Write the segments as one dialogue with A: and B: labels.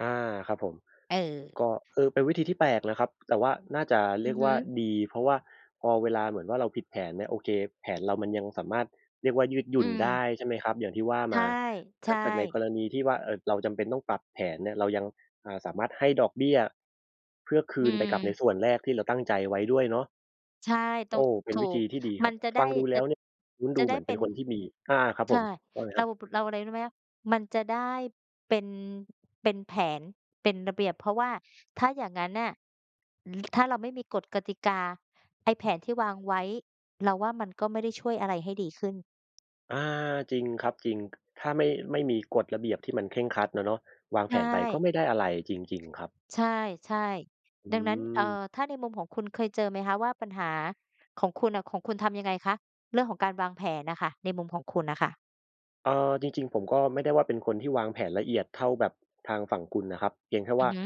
A: อา ครับผม
B: เออ
A: ก็ เออ เป็นวิธีที่แปลกนะครับ แต่ว่าน่าจะเ
B: อ
A: รี
B: ื
A: ย
B: อ
A: ก
B: ฮ
A: ว่า
B: ึ
A: ดี เพราะว่าพอเวลาเหมือนว่าเราผิดแผนเนี่ย โอเค แผนเรามันยังสามารถเรียกว่า ยืดหย
B: อ
A: ุ
B: ื
A: ่นได้
B: ม
A: ใช่ไหมครับ? อย่างที่ว่า
B: ใช
A: ม
B: ่
A: า
B: ใ
A: ถ
B: ช
A: ้าเกิดใน
B: ่
A: กรณีที่ว่า เอ่อ เราจำเป็นต้องปรับแผนเนี่ย เรายัง อ่า สามารถให้ดอกเบี้ย เพื่อค
B: อื
A: ืนไปกับใน
B: ม
A: ส่วนแรกที่เราตั้งใจไว้ด้วยเนาะ
B: ใช่ ต
A: โอ
B: ้อ
A: ้
B: ง
A: เป็
B: ถ
A: น
B: ู
A: วิธ
B: ก
A: ีที่ดีค
B: ม
A: ร
B: ั
A: ั
B: น
A: บ
B: จะได
A: ฟ
B: ้
A: ังดูแล
B: จ
A: ้
B: ะ
A: วเนี่ย ลุ้นด
B: จะ
A: ูเ
B: ได
A: หม
B: ้
A: ือนเ
B: เ
A: ป
B: ป
A: ็
B: ็
A: น
B: น
A: คนที่มี อา ๆ ครับ
B: ใช
A: ผ
B: ่
A: มว่าไง
B: เร
A: ค
B: า
A: รับ
B: เราอะไรรู้ไหมคะ มันจะได้เป็น เป็นแผน เป็นระเบียบ เพราะว่าถ้าอย่างงั้นน่ะ ถ้าเราไม่มีกฎกติกา ไอ้แผนที่วางไว้ เราว่ามันก็ไม่ได้ช่วยอะไรให้ดีขึ้น
A: อา จริงครับ จริง ถ้าไม่ ไม่มีกฎระเบียบที่มันเคร่งครัดอะเนาะ วาง
B: ใช
A: แผ
B: ่
A: นไปก็ไม่ได้อะไรจริง ๆ ครับ
B: ใช่ ใช่
A: อื
B: ดังนั้น เอ่อ
A: ม
B: ถ้าในมุมของคุณเคยเจอไหมคะว่าปัญหาของคุณน่ะ ของคุณทำยังไงคะ เรื่องของการวางแผนอะค่ะ ในมุมของคุณน่ะค่ะ?
A: เอ่อ จริง ๆ ผมก็ไม่ได้ว่าเป็นคนที่วางแผนละเอียดเท่าแบบทางฝั่งคุณนะครับ เพียงแค่
B: อ
A: ว
B: ื
A: ่
B: อ
A: า
B: ฮึ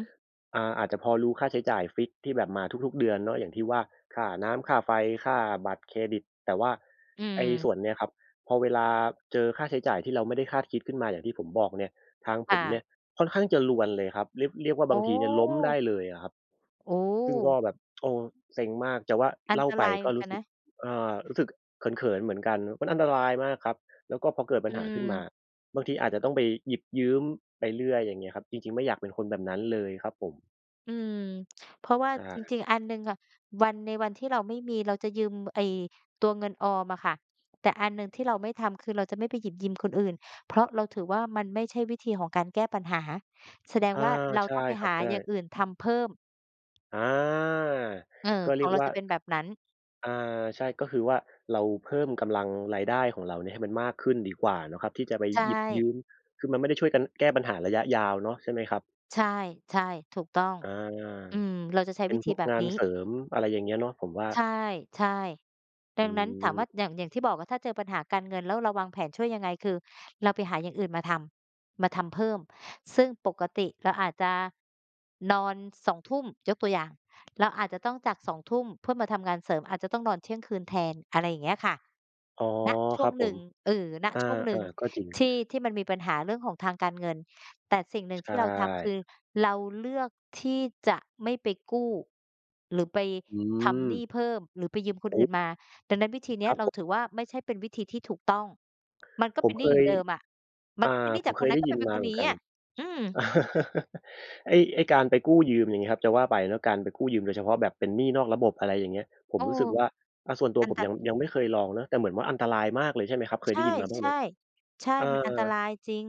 A: อ่า อาจจะพอรู้ค่าใช้จ่ายฟิกซ์ที่แบบมาทุก ๆ เดือนเนาะ อย่างที่ว่า ค่าน้ำ ค่าไฟ ค่าบัตรเครดิต แต่ว่า
B: อื
A: ไอ้ส
B: ม
A: ่วนเนี้ยครับ พอเวลาเจอค่าใช้จ่ายที่เราไม่ได้คาดคิดขึ้นมาอย่างที่ผมบอกเนี่ย ทางผ
B: ค่
A: มเนี
B: ะ
A: ่ยค่อนข้างจะรวนเลยครับ เรียก เรียกว่า
B: อ
A: บ
B: ๋
A: างทีเนี่ยล้มได้
B: อ
A: เลยอะครับ
B: โอ
A: ซึ่งก็
B: ้
A: แบบ โอ้ เซ็งมาก จะว่า
B: อั
A: เ
B: น
A: ล่า
B: ต
A: ไป
B: ราย
A: ก็ร
B: ก
A: ู
B: ั
A: ้
B: น
A: สึ
B: น
A: ก
B: ะ
A: เอ่อ รู้สึกเขิน ๆ เหมือนกันมันอันตรายมากครับ แล้วก็พอเกิดปั
B: อ
A: ญ
B: ื
A: หาขึ้นมา
B: ม
A: บางทีอาจจะต้องไปหยิบยืมไปเรื่อย อย่างเงี้ยครับ จริง ๆ ไม่อยากเป็นคนแบบนั้นเลยครับผม
B: อืม เพราะว่า
A: ใช
B: จ
A: ่
B: ริง ๆ อันหนึ่งอะ วัน ในวันที่เราไม่มีเราจะยืมไอ้ตัวเงินออมอะค่ะ แต่อันหนึ่งที่เราไม่ทำ คือ เราจะไม่ไปหยิบยืมคนอื่น เพราะเราถือว่า มันไม่ใช่วิธีของการแก้ปัญหา แสดง
A: อา
B: ว่าเรา
A: ใช
B: ต
A: ่
B: ้องไป
A: ครั
B: ห
A: บ
B: า
A: ใช
B: อย่าง
A: ่
B: อื่นทำเพิ่ม
A: อา
B: เออ
A: ก็เ
B: ข
A: รี
B: อ
A: ย
B: ง
A: ก
B: เรา
A: ว่า
B: จะเป็นแบบนั้น
A: อ่า ใช่ ก็คือว่าเราเพิ่มกำลังรายได้ของเราเนี่ยให้มันมากขึ้นดีกว่าเนาะครับ ที่จะไป
B: ใช
A: หยิบย
B: ่
A: ืม คือมันไม่ได้ช่วยกันแก้ปัญหาระยะยาวเนาะ ใช่ไหมครับ?
B: ใช่ ใช่ ถูกต้อง
A: อา
B: อืม เราจะใช้
A: เป็
B: ว
A: น
B: ิธ
A: พ
B: ี
A: วก
B: แบบ
A: งา
B: น
A: น
B: ี้
A: เสริม อะไรอย่างเงี้ย เนาะ ผมว่า
B: ใช่ ใช่ ด
A: อ
B: ั
A: ื
B: งนั้นถามว่
A: ม
B: า อย่าง อย่างที่บอกว่า ถ้าเจอปัญหาการเงิน แล้วเราวางแผนช่วยยังไง คือเราไปหาอย่างอื่นมาทำ มาทำเพิ่ม ซึ่งปกติเราอาจจะนอน 20:00 น. ยกตัวอย่าง เราอาจจะต้องจาก 20:00 น. เพื่อมาทำงานเสริม อาจจะต้องนอนเที่ยงคืนแทน อะไรอย่างเงี้ย ค่ะ
A: อ๋อ
B: ณ ช
A: ค
B: ่ว
A: รั
B: ง
A: บผ
B: หนึ่
A: ม
B: ง เออ ณ
A: อา
B: ช่วงหน
A: อ
B: ึ
A: า
B: ่ง
A: ก็จริง
B: ที่ ที่มันมีปัญหาเรื่องของทางการเงิน แต่สิ่งหนึ่
A: ใช
B: งที่เราทำ ค
A: ่
B: ือเราเลือกที่จะไม่ไปกู้ หรือไป
A: อื
B: ทำหนี
A: ม
B: ้เพิ่ม หรือไปยืมค
A: โ
B: น
A: อ
B: อื
A: ้
B: ่นมา ดังนั้นวิธีเนี
A: ค
B: ้
A: ร
B: ย
A: ับ
B: เร
A: ผ
B: า
A: ม
B: ถือว่า ไม่ใช่เป็นวิธีที่ถูกต้อง มันก็
A: ผ
B: เป
A: ม
B: ็นหน
A: เค
B: ี้อยู
A: ย
B: ่เดิมอ่ะ มั
A: อ
B: น
A: ่
B: ก็เป็น
A: า
B: หนี้
A: ผ
B: จ
A: ม
B: าก
A: เค
B: คน
A: ย
B: นั
A: ไ
B: ้
A: ด้
B: นก็
A: ย
B: ไป
A: ิน
B: เป็น
A: ม
B: ค
A: าเ
B: น
A: หมื
B: น
A: อน
B: ี้
A: กั
B: อ
A: น
B: ่ะ อืม
A: ไอ้ ไอ้การไปกู้ยืมอย่างเนี้ยครับ จะว่าไปเนาะการไปกู้ยืมโดยเฉพาะแบบเป็นหนี้นอกระบบ อะไรอย่างเงี้ย ผ
B: เ
A: ม
B: ออ
A: รู้สึกว่า อะ ส่วนตัว
B: อัน
A: ผม
B: ต
A: ยัง ยังไม่เคยลองเนาะ แต่เหมือนว่าอันตรายมากเลยใช่ไหมครับ? เค
B: ใช
A: ยได้
B: ่
A: ยินมาบ้
B: ใ
A: าง
B: ช
A: ไหม?
B: ่ ใช่
A: เออ
B: มันอันตรายจริง